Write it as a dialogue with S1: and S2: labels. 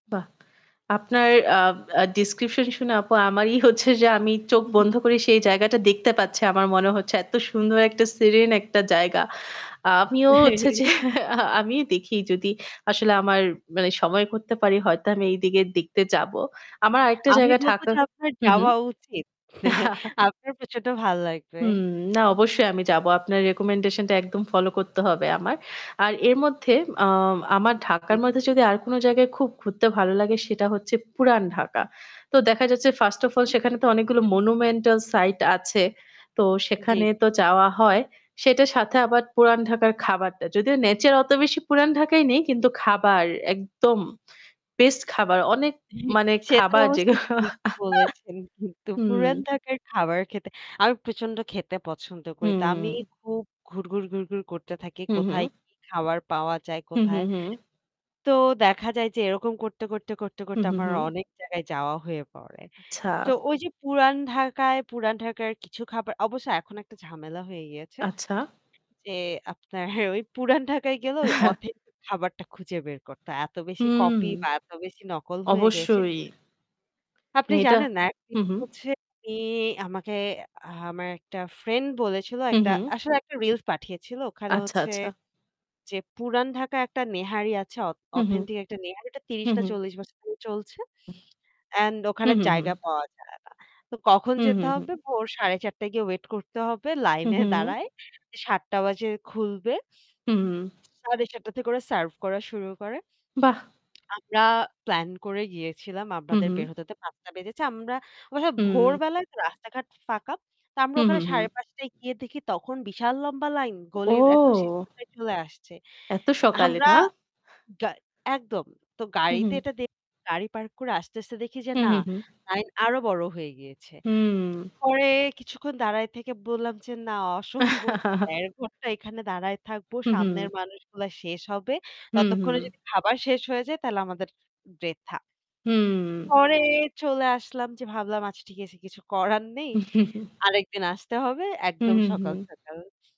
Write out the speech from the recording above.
S1: বাহ! আপনার আ আ ডেসক্রিপশন শুনে আপু আমারই হচ্ছে যে আমি চোখ
S2: হু, হু।
S1: বন্ধ করে সেই জায়গাটা দেখতে পাচ্ছি। আমার মনে হচ্ছে এত্ত সুন্দর একটা সিরিন একটা জায়গা। আ আমিও হচ্ছে যে আমিও দেখি যদি আসলে আমার মানে সময় করতে পারি হয়তো আমি এইদিকে দেখতে যাবো। আমার আরেকটা
S2: আমি
S1: জায়গা
S2: বলব
S1: ঢাকা
S2: যে আপনার
S1: হুম, হুম।
S2: যাওয়া উচিত। আপনার প্রচন্ড ভাল লাগবে।
S1: হুম না অবশ্যই আমি যাব। আপনার recommendation টা একদম ফলো করতে হবে আমার। আর এর মধ্যে আ আমার
S2: জি,
S1: ঢাকার মধ্যে
S2: জি।
S1: যদি আর কোন জায়গায় খুব ঘুরতে ভালো লাগে সেটা হচ্ছে পুরান ঢাকা। তো দেখা যাচ্ছে first
S2: হু,
S1: of all
S2: হু।
S1: সেখানে তো অনেকগুলো monumental site আছে, তো
S2: জী,
S1: সেখানে তো
S2: জী।
S1: যাওয়া হয়, সেটার সাথে আবার পুরাণ ঢাকার খাবারটা। যদিও nature অত বেশি পুরান ঢাকায় নেই, কিন্তু খাবার একদম বেস্ট খাবার। অনেক মানে
S2: সেটা
S1: খাবার
S2: অবশ্য
S1: যেগু
S2: ঠিক বলেছেন কিন্তু। পুরান
S1: হুম।
S2: ঢাকার খাবার খেতে আমি প্রচন্ড খেতে পছন্দ করি। তা আমি
S1: হুম।
S2: খুব ঘুরঘুর, ঘুরঘুর করতে থাকি
S1: হু,
S2: কোথায়
S1: হু।
S2: কি খাবার পাওয়া যায়
S1: হু, হু,
S2: কোথায়।
S1: হু।
S2: তো দেখা যায় যে এরকম করতে, করতে, করতে,
S1: হু,
S2: করতে,
S1: হু,
S2: আমার
S1: হু।
S2: অনেক জায়গায় যাওয়া হয়ে পড়ে।
S1: আচ্ছা।
S2: তো ওই যে পুরান ঢাকায় পুরান ঢাকার কিছু খাবার অবশ্য এখন একটা ঝামেলা হয়ে গিয়েছে।
S1: আচ্ছা।
S2: যে আপনার ওই পুরান ঢাকায় গেলে ওই অথেন্টিক খাবারটা খুঁজে বের করতে হয়। এত বেশি
S1: হুম।
S2: কপি বা এত বেশি নকল হয়ে গেছে।
S1: অবশ্যই।
S2: আপনি
S1: মেয়েটা
S2: জানেন না একদিন
S1: হুম, হুম।
S2: হচ্ছে আমি আমাকে আ আমার একটা ফ্রেন্ড বলেছিল
S1: হুম,
S2: একটা
S1: হুম।
S2: আসলে একটা রিলস পাঠিয়েছিল। ওখানে
S1: আচ্ছা,
S2: হচ্ছে
S1: আচ্ছা।
S2: যে পুরান ঢাকায় একটা নেহারি আছে অথ
S1: হু, হু।
S2: অথেন্টিক একটা নেহারিটা ৩০
S1: হু,
S2: না
S1: হু।
S2: ৪০ বছর ধরে চলছে। অ্যান্ড ওখানে
S1: হুম, হুম, হুম।
S2: জায়গা পাওয়া যায় না। তো কখন
S1: হু, হু,
S2: যেতে
S1: হু।
S2: হবে? ভোর ৪:৩০ য় গিয়ে ওয়েট করতে হবে
S1: হু,
S2: লাইনে
S1: হু, হু।
S2: দাঁড়ায়ে। ৭ঃ০০ বাজে খুলবে।
S1: হু।
S2: ৭:৩০ টা থেকে ওরা সার্ভ করা শুরু করে।
S1: বাহ!
S2: আমরা প্ল্যান করে গিয়েছিলাম
S1: হুম,
S2: আমাদের
S1: হুম।
S2: বের হতে, হতে ৫ঃ০০ টা বেজেছে। আমরা আমরা সবাই
S1: হুম।
S2: ভোরবেলায় রাস্তাঘাট ফাঁকা। তা আমরা
S1: হুম,
S2: ওখানে
S1: হুম, হুম।
S2: ৫:৩০ টায় গিয়ে দেখি তখন বিশাল লম্বা লাইন, গলির একদম শেষ
S1: ও!
S2: মাথায় চলে আসছে।
S1: এত সকালে
S2: আমরা
S1: না?
S2: গায় একদম। তো
S1: হু,
S2: গাড়িতে
S1: হু।
S2: এটা দে গাড়ি পার্ক করে আসতে, আসতে দেখি যে
S1: হু,
S2: না
S1: হু, হু।
S2: লাইন আরো বড় হয়ে গিয়েছে।
S1: হুম।
S2: পরে কিছুক্ষণ দাঁড়ায় থেকে বললাম যে না অসম্ভব। ১.৫ ঘণ্টা এখানে দাঁড়ায় থাকবো,
S1: হুম,
S2: সামনের
S1: হুম।
S2: মানুষগুলা শেষ হবে।
S1: হুম,
S2: ততক্ষণে
S1: হুম।
S2: যদি খাবার শেষ হয়ে যায় তাহলে আমাদের বৃথা।
S1: হুম।
S2: পরে চলে আসলাম যে ভাবলাম আচ্ছা ঠিক আছে কিছু করার নেই। আরেকদিন আসতে হবে একদম
S1: হুম,
S2: সকাল,
S1: হুম।
S2: সকাল।